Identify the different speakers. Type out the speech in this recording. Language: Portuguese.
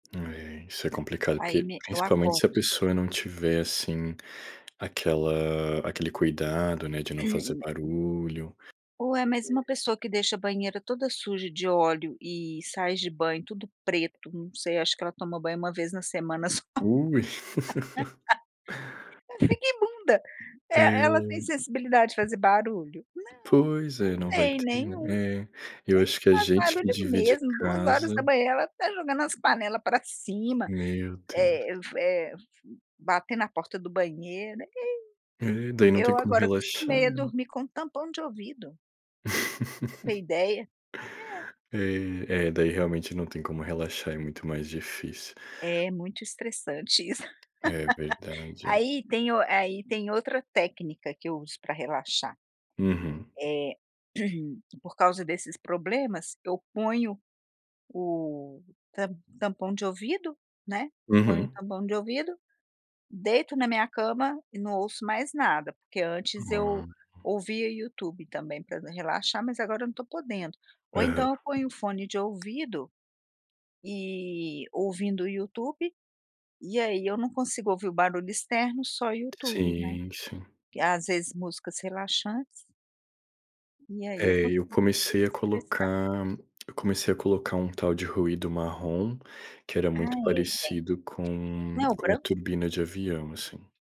Speaker 1: É. Isso é complicado.
Speaker 2: Aí,
Speaker 1: Porque,
Speaker 2: me eu
Speaker 1: principalmente, se
Speaker 2: acordo.
Speaker 1: a pessoa não tiver assim aquela aquele cuidado, né, de não fazer
Speaker 2: [unintelligible]
Speaker 1: barulho.
Speaker 2: Ué, mas uma pessoa que deixa a banheira toda suja de óleo e sais de banho, tudo preto, não sei, acho que ela toma banho uma vez na semana só.
Speaker 1: Ui.
Speaker 2: Ela fica imunda. É, ela tem
Speaker 1: É.
Speaker 2: sensibilidade de fazer barulho? Não,
Speaker 1: Pois
Speaker 2: não
Speaker 1: é, não vai
Speaker 2: tem,
Speaker 1: ter, né,
Speaker 2: nenhum.
Speaker 1: é. Eu acho
Speaker 2: Nem
Speaker 1: que a
Speaker 2: faz
Speaker 1: gente que
Speaker 2: barulho,
Speaker 1: divide
Speaker 2: mesmo. duas horas
Speaker 1: casa.
Speaker 2: da manhã ela está jogando as panelas para cima,
Speaker 1: Meu Deus.
Speaker 2: eh f eh f batendo a porta do banheiro, ih.
Speaker 1: É. Daí, não tem
Speaker 2: Eu,
Speaker 1: como
Speaker 2: agora,
Speaker 1: relaxar,
Speaker 2: acostumei a
Speaker 1: né.
Speaker 2: dormir com tampão de ouvido. Pra você ter ideia. É.
Speaker 1: É, é daí realmente, não tem como relaxar. É, muito mais difícil.
Speaker 2: É, muito estressante, isso.
Speaker 1: É verdade, é.
Speaker 2: Aí, tem o eh, aí, tem outra técnica, que eu uso pra relaxar.
Speaker 1: Uhum.
Speaker 2: É, por causa desses problemas, eu ponho o tam tampão de ouvido, né, ponho o
Speaker 1: Uhum.
Speaker 2: tampão de ouvido, deito na minha cama e não ouço mais nada. Porque antes eu
Speaker 1: [unintelligible]
Speaker 2: ouvia YouTube também pra d relaxar, mas, agora eu não estou podendo. Ou
Speaker 1: Aham.
Speaker 2: então, eu ponho o fone de ouvido e ouvindo o YouTube. E aí, eu não consigo ouvir o barulho externo, só o YouTube, né.
Speaker 1: Sim, sim.
Speaker 2: Às vezes, músicas relaxantes. E aí, eu
Speaker 1: É. Eu
Speaker 2: consigo me
Speaker 1: comecei a
Speaker 2: desestressar.
Speaker 1: colocar eu comecei a colocar um tal de ruído marrom, que era
Speaker 2: Ah
Speaker 1: muito
Speaker 2: é, tem.
Speaker 1: parecido
Speaker 2: Não
Speaker 1: com,
Speaker 2: é o
Speaker 1: com a
Speaker 2: branco?
Speaker 1: turbina de avião, assim.